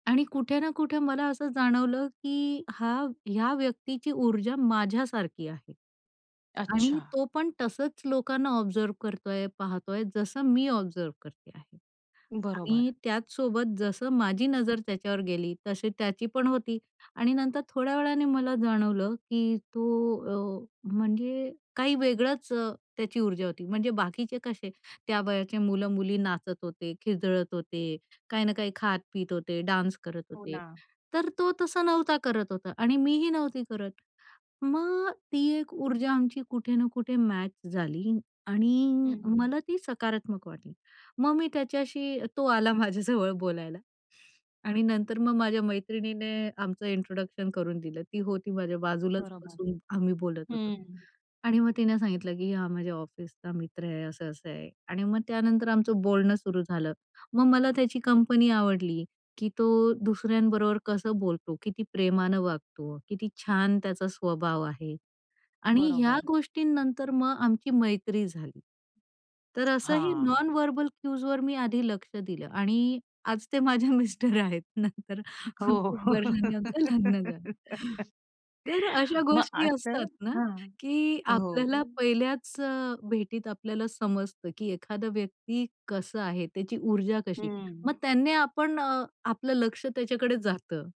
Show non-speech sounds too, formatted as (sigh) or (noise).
आणि कुठे ना कुठे मला असं जाणवलं, की हा ह्या व्यक्तीची ऊर्जा माझ्यासारखी आहे. आणि अच्छा. तो पण तसंच लोकांना ऑब्झर्व्ह करतोय, पाहतोय, जसं मी ऑब्झर्व्ह करते आहे. बरोबर. आणि त्याचसोबत, जसं माझी नजर त्याच्यावर गेली, तशी त्याची पण होती. आणि नंतर थोड्या वेळाने मला जाणवलं की तो अ, म्हणजे काही वेगळंच त्याची ऊर्जा होती. म्हणजे बाकीचे कसे त्या वयाचे मुलं-मुली नाचत होते, खिदळत होते, काही ना काही खात पीत होते, डान्स करत हो होते ना. तर तो तसा नव्हता करत होता, आणि मी ही नव्हती करत. मग ती एक ऊर्जा आमची कुठे ना कुठे मॅच झाली हं, आणि हं. मला ती सकारात्मक वाटली. मग मी त्याच्याशी तो आला माझ्या जवळ बोलायला आणि नंतर मग माझ्या मैत्रिणीने आमचं इंट्रोडक्शन करून दिलं. ती होती माझ्या बाजूलाच बरोबर, बसून आम्ही बोलत होतो हं, हं. आणि मग तिने सांगितलं, की हा माझ्या ऑफिसचा मित्र आहे, असं-असं आहे आणि मग त्यानंतर आमचं बोलणं सुरु झालं. मग मला त्याची कंपनी आवडली, की तो दुसऱ्यांबरोबर कसं बोलतो, किती प्रेमानं वागतो, किती छान त्याचा स्वभाव आहे आणि ह्या बरोबर. गोष्टींनंतर मग आमची मैत्री झाली. तर असंही हां. नॉन व्हर्बल क्यूजवर मी आधी लक्ष दिलं आणि आज ते माझ्या मिस्टर आहेत नंतर खूप हो. वर्षांनी आमचं लग्न झालं (giggles) तर अशा मग गोष्टी असं असतात ना, हां, की हो. आपल्याला पहिल्याच अ, भेटीत आपल्याला समजत, की एखादा व्यक्ती कसं आहे, त्याची ऊर्जा कशी हं. मग त्याने आपण अ, आपलं लक्ष्य त्याच्याकडे जातं.